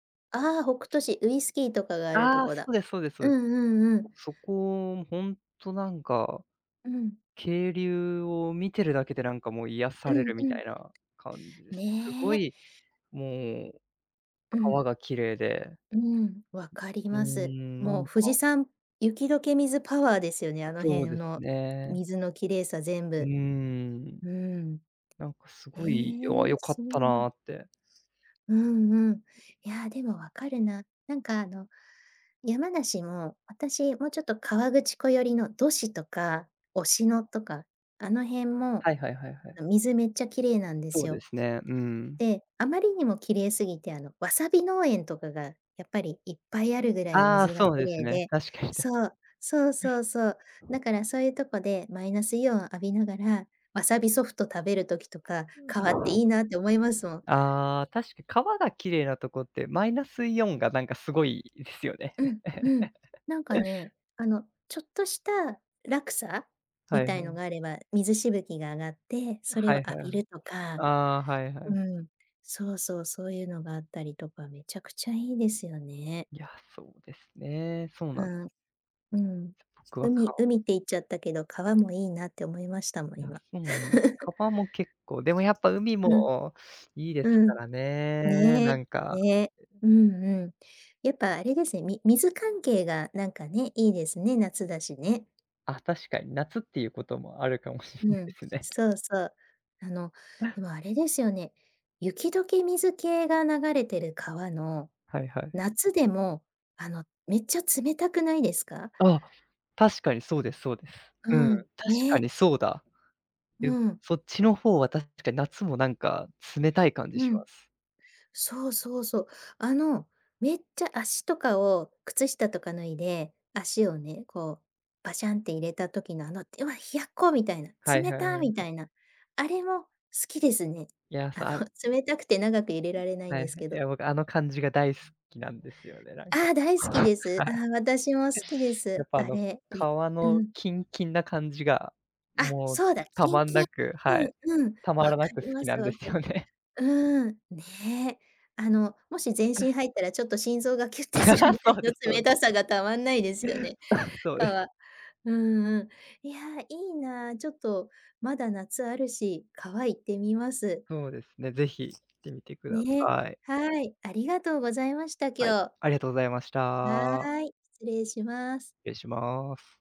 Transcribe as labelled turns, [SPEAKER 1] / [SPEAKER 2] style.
[SPEAKER 1] ああ、北斗市、ウイスキーとかがあると
[SPEAKER 2] ああ、
[SPEAKER 1] こ
[SPEAKER 2] そ
[SPEAKER 1] だ。
[SPEAKER 2] うですそうです。そ
[SPEAKER 1] う
[SPEAKER 2] うです。
[SPEAKER 1] んうんうん。
[SPEAKER 2] そこ、ほんと、なんか、
[SPEAKER 1] うん。
[SPEAKER 2] 渓流を見てるだけで、なんか、もう、癒
[SPEAKER 1] う
[SPEAKER 2] され
[SPEAKER 1] ん
[SPEAKER 2] るみ
[SPEAKER 1] う
[SPEAKER 2] た
[SPEAKER 1] ん。
[SPEAKER 2] いな感じです。すご
[SPEAKER 1] ね。
[SPEAKER 2] い、もう、
[SPEAKER 1] うん。
[SPEAKER 2] 川が綺麗で。
[SPEAKER 1] うーん。わかり
[SPEAKER 2] うー
[SPEAKER 1] ます。
[SPEAKER 2] ん。な
[SPEAKER 1] も
[SPEAKER 2] ん
[SPEAKER 1] う
[SPEAKER 2] か
[SPEAKER 1] 富士山、雪解け水パワーですよね、あの
[SPEAKER 2] そう
[SPEAKER 1] 辺
[SPEAKER 2] です
[SPEAKER 1] の、
[SPEAKER 2] ね。
[SPEAKER 1] 水の綺麗さ全
[SPEAKER 2] うー
[SPEAKER 1] 部。
[SPEAKER 2] ん。
[SPEAKER 1] うーん。
[SPEAKER 2] なんか、すごい、よわ
[SPEAKER 1] へえ、
[SPEAKER 2] 良かっ
[SPEAKER 1] すごい
[SPEAKER 2] た
[SPEAKER 1] な。
[SPEAKER 2] なって。
[SPEAKER 1] うんうん。いや、でも分かるな。なんか、あの、山梨も、私、もうちょっと河口湖寄りの道志とか忍野とか、あの辺も、
[SPEAKER 2] はいはいはいはい。
[SPEAKER 1] 水めっちゃ綺麗なんで
[SPEAKER 2] そ
[SPEAKER 1] す
[SPEAKER 2] うで
[SPEAKER 1] よ。
[SPEAKER 2] すね。うーん。
[SPEAKER 1] で、あまりにも綺麗すぎて、あの、わさび農園とかが、やっぱり、いっぱいあるぐらい
[SPEAKER 2] ああ、
[SPEAKER 1] 水が
[SPEAKER 2] そう
[SPEAKER 1] 綺
[SPEAKER 2] です
[SPEAKER 1] 麗
[SPEAKER 2] ね。
[SPEAKER 1] で、
[SPEAKER 2] 確かにた
[SPEAKER 1] そう、そうそうそう。だから、そういうとこで、マイナスイオン浴びながら、わさびソフト食べる時とか、
[SPEAKER 2] うん、
[SPEAKER 1] 川っていいなって思います もん。
[SPEAKER 2] ああ、確か、川が綺麗なとこって、マイナスイオンが、なんか、凄いですよね。
[SPEAKER 1] うん、うん。なんか ね、あの、ちょっとした落差
[SPEAKER 2] は
[SPEAKER 1] み
[SPEAKER 2] い
[SPEAKER 1] たい
[SPEAKER 2] は
[SPEAKER 1] の
[SPEAKER 2] い。
[SPEAKER 1] があれば、水しぶきが上がって、それ
[SPEAKER 2] は
[SPEAKER 1] を
[SPEAKER 2] い
[SPEAKER 1] 浴
[SPEAKER 2] はいは
[SPEAKER 1] び
[SPEAKER 2] い。
[SPEAKER 1] るとか。
[SPEAKER 2] ああ、はいは
[SPEAKER 1] う
[SPEAKER 2] い。
[SPEAKER 1] ーん。そうそう、そういうのがあったりとか、めちゃくちゃいいですよね。
[SPEAKER 2] いや、そうですね。そうなんで
[SPEAKER 1] うん。うん。
[SPEAKER 2] す。つ僕は
[SPEAKER 1] 海
[SPEAKER 2] 川
[SPEAKER 1] 海って言っちゃったけど、川もいいなって思いましたもん、今。
[SPEAKER 2] 川も結構、でも、やっぱ、海
[SPEAKER 1] うん。
[SPEAKER 2] もいいです
[SPEAKER 1] う
[SPEAKER 2] か
[SPEAKER 1] ん。
[SPEAKER 2] らね、
[SPEAKER 1] ね
[SPEAKER 2] なん
[SPEAKER 1] え。
[SPEAKER 2] か。
[SPEAKER 1] ねえ、
[SPEAKER 2] う、ん。
[SPEAKER 1] うんうん。やっぱ、あれですね、み水関係がなんかね、いいですね、夏だしね。
[SPEAKER 2] あ、確かに、夏っていうこともあるかもしれ
[SPEAKER 1] う
[SPEAKER 2] ないで
[SPEAKER 1] ん、
[SPEAKER 2] すね。
[SPEAKER 1] そうそう。あの、で も、あれですよね、雪解け水系が流れてる川の、
[SPEAKER 2] はいはい。
[SPEAKER 1] 夏でも、あの、めっちゃ冷たくないですか？
[SPEAKER 2] あ、確かにそうですそうです。
[SPEAKER 1] う
[SPEAKER 2] うん。確
[SPEAKER 1] ーん。
[SPEAKER 2] か
[SPEAKER 1] ね。
[SPEAKER 2] にそうだ。ゆ
[SPEAKER 1] うん。
[SPEAKER 2] そっちの方は、確かに夏も、なんか、冷たい感じ
[SPEAKER 1] う
[SPEAKER 2] しま
[SPEAKER 1] ん。
[SPEAKER 2] す。
[SPEAKER 1] そうそうそう。あの、めっちゃ、足とかを、靴下とか脱いで、足をね、こう、バシャンって入れた時の、あの、うわ、冷やっこ、みたいな。
[SPEAKER 2] はい
[SPEAKER 1] 冷
[SPEAKER 2] はい
[SPEAKER 1] た、
[SPEAKER 2] は
[SPEAKER 1] み
[SPEAKER 2] い。
[SPEAKER 1] たいな。あれも好きですね。
[SPEAKER 2] いや、
[SPEAKER 1] あ
[SPEAKER 2] さ
[SPEAKER 1] の、
[SPEAKER 2] はい
[SPEAKER 1] 冷たくて長くいれられないん
[SPEAKER 2] は
[SPEAKER 1] です
[SPEAKER 2] い。
[SPEAKER 1] け
[SPEAKER 2] い
[SPEAKER 1] ど。
[SPEAKER 2] や、僕、あの感じが大好きなんですよね、なんか。
[SPEAKER 1] ああ、大好き です。
[SPEAKER 2] は
[SPEAKER 1] あ、
[SPEAKER 2] い。
[SPEAKER 1] 私も好きで
[SPEAKER 2] や
[SPEAKER 1] す。
[SPEAKER 2] っぱ、あ
[SPEAKER 1] あ
[SPEAKER 2] の、
[SPEAKER 1] れ、い
[SPEAKER 2] 川
[SPEAKER 1] う
[SPEAKER 2] の
[SPEAKER 1] ん。
[SPEAKER 2] キンキンな感じが、
[SPEAKER 1] あ、
[SPEAKER 2] もう
[SPEAKER 1] そうだ、
[SPEAKER 2] た
[SPEAKER 1] キン
[SPEAKER 2] まん
[SPEAKER 1] キ
[SPEAKER 2] な
[SPEAKER 1] ン。
[SPEAKER 2] く、は
[SPEAKER 1] う
[SPEAKER 2] い。
[SPEAKER 1] ん、うん。
[SPEAKER 2] た
[SPEAKER 1] 分
[SPEAKER 2] ま
[SPEAKER 1] か
[SPEAKER 2] らなく
[SPEAKER 1] り
[SPEAKER 2] 好
[SPEAKER 1] ま
[SPEAKER 2] き
[SPEAKER 1] す
[SPEAKER 2] なんで
[SPEAKER 1] 分
[SPEAKER 2] す
[SPEAKER 1] かり
[SPEAKER 2] よね。
[SPEAKER 1] うーん。ねえ。あの、もし、全身入ったら、ちょっと、心臓がキュッっ てする
[SPEAKER 2] あ
[SPEAKER 1] ぐ
[SPEAKER 2] あ、
[SPEAKER 1] ら
[SPEAKER 2] そ
[SPEAKER 1] い
[SPEAKER 2] うで
[SPEAKER 1] の
[SPEAKER 2] すそう
[SPEAKER 1] 冷たさがたまんないですよね。
[SPEAKER 2] あ、そうです。
[SPEAKER 1] 川。うんうん。いや、いいな、ちょっと、まだ、夏あるし、川、行ってみます。
[SPEAKER 2] そうですね、是非行ってみてくだ
[SPEAKER 1] ねえ、
[SPEAKER 2] さい。
[SPEAKER 1] はい。ありがとうございました、
[SPEAKER 2] はい。
[SPEAKER 1] 今日。
[SPEAKER 2] ありがとうございました。
[SPEAKER 1] はい。失礼します。
[SPEAKER 2] 失礼します。